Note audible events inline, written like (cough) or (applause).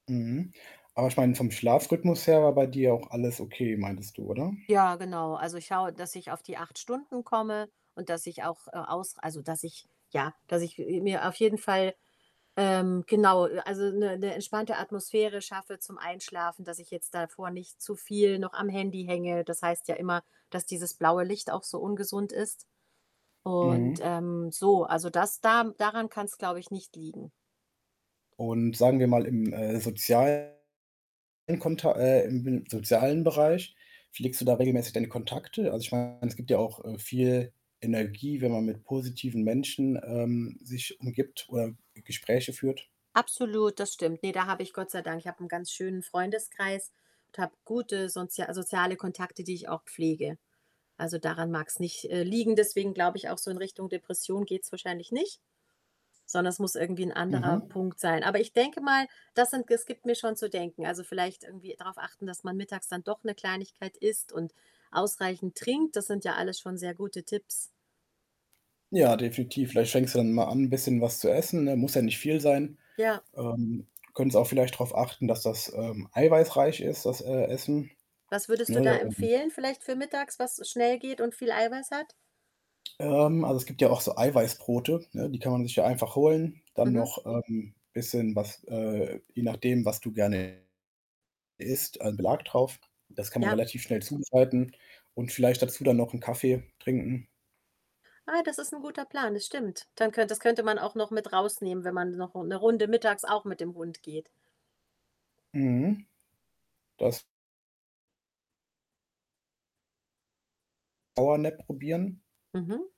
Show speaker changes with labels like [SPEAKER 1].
[SPEAKER 1] Mhm. Aber ich meine, vom Schlafrhythmus her war bei dir auch alles okay, meintest du, oder?
[SPEAKER 2] Ja, genau. Also, ich schaue, dass ich auf die 8 Stunden komme und dass ich auch, äh, aus also, dass ich ja, dass ich, äh, mir auf jeden Fall ähm, genau, also, ‘ne ‘ne entspannte Atmosphäre schaffe zum Einschlafen, dass ich jetzt davor nicht zu viel noch am Handy hänge. Das heißt ja immer, dass dieses blaue Licht auch so ungesund ist. Und,
[SPEAKER 1] Mhm.
[SPEAKER 2] ähm, so also das da daran kann‘s, glaube ich, nicht liegen.
[SPEAKER 1] Und sagen wir mal im, äh, sozialen Konta äh, im (unintelligible) sozialen Bereich, pflegst du da regelmäßig deine Kontakte? Also ich meine, es gibt ja auch, äh, viel Energie, wenn man mit positiven Menschen, ähm, sich umgibt oder G Gespräche führt?
[SPEAKER 2] Absolut, das stimmt. Ne, da habe ich, Gott sei Dank ich habe ‘n ganz schönen Freundeskreis und habe gute soz soziale Kontakte, die ich auch pflege. Also, daran mag's nicht, äh, liegen, deswegen glaube ich auch, so in Richtung Depression geht‘s wahrscheinlich nicht, sondern es muss irgendwie ‘n anderer
[SPEAKER 1] Mhm.
[SPEAKER 2] Punkt sein. Aber ich denke mal, das sind es gibt mir schon zu denken. Also, vielleicht irgendwie drauf achten, dass man mittags dann doch ‘ne Kleinigkeit isst und ausreichend trinkt, das sind ja alles schon sehr gute Tipps.
[SPEAKER 1] Ja, definitiv. Vielleicht fängst du dann mal an, bisschen was zu essen, ne? Muss ja nicht viel sein.
[SPEAKER 2] Ja.
[SPEAKER 1] Ähm, du könntest auch vielleicht drauf achten, dass das, ähm, eiweißreich ist, das, äh, Essen,
[SPEAKER 2] Was würdest du da
[SPEAKER 1] ne, ähm
[SPEAKER 2] empfehlen, vielleicht für mittags, was schnell geht und viel Eiweiß hat?
[SPEAKER 1] Ähm, also, es gibt ja auch so Eiweißbrote, ne, die kann man sich ja einfach holen. Dann
[SPEAKER 2] Mhm.
[SPEAKER 1] noch, ähm, bisschen was äh, je nachdem, was du gerne isst, ein Belag drauf. Das kann man
[SPEAKER 2] Ja.
[SPEAKER 1] relativ schnell zubereiten und vielleicht dazu dann noch ‘n Kaffee trinken.
[SPEAKER 2] Ah, das ist ‘n guter Plan, das stimmt. Dann könnt das könnte man auch noch mit rausnehmen, wenn man noch ‘ne Runde mittags auch mit dem Hund geht.
[SPEAKER 1] Mhm. Das Powernap probieren.
[SPEAKER 2] Mhm.